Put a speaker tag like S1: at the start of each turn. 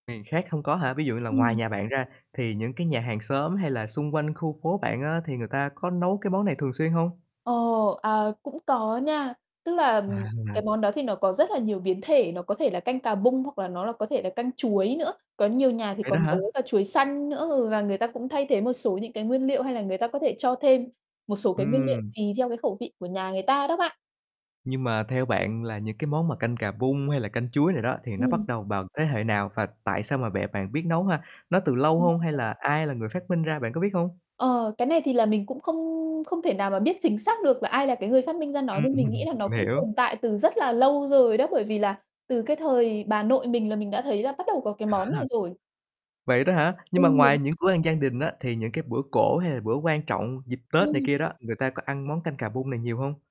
S1: Miền khác hông có hả? Ví dụ như là ngoài
S2: Ừm.
S1: nhà bạn ra thì những cái nhà hàng xóm, hay là xung quanh khu phố bạn á thì người ta có nấu cái món này thường xuyên hông?
S2: Ồ, à, cũng có nha. Tức là
S1: À.
S2: cái món đó thì nó có rất là nhiều biến thể, nó có thể là canh cà bung hoặc là nó là có thể là canh chuối nữa. Có nhiều nhà thì
S1: Vậy đó
S2: còn
S1: hả?
S2: nấu cả chuối xanh nữa, ừ, và người ta cũng thay thế một số những cái nguyên liệu, hay là người ta có thể cho thêm một số cái nguyên liệu
S1: Ừm.
S2: tùy theo cái khẩu vị của nhà người ta đó bạn.
S1: Nhưng mà theo bạn là những cái món mà canh cà bung, hay là canh chuối này đó thì nó
S2: Ừm.
S1: bắt đầu vào thế hệ nào và tại sao mà bẹ bạn biết nấu ha? Nó từ lâu hông, hay
S2: [unintelligible]
S1: là ai là người phát minh ra, bạn có biết hông?
S2: Ờ, cái này thì là mình cũng không không thể nào mà biết chính xác được là ai là cái người phát minh ra nó,
S1: Ừm.
S2: nhưng mình nghĩ là nó
S1: Mình
S2: cũng
S1: hiểu.
S2: tồn tại từ rất là lâu rồi đó, bởi vì là từ cái thời bà nội mình là mình đã thấy là bắt đầu có cái
S1: À
S2: món này
S1: ha.
S2: rồi.
S1: Vậy đó hả? Nhưng mà
S2: Ừm.
S1: ngoài những bữa ăn gian đình á thì những cái bữa cỗ, hay là bữa quan trọng dịp Tết này
S2: Ừm.
S1: kia đó, người ta có ăn món canh cà bung này nhiều hông?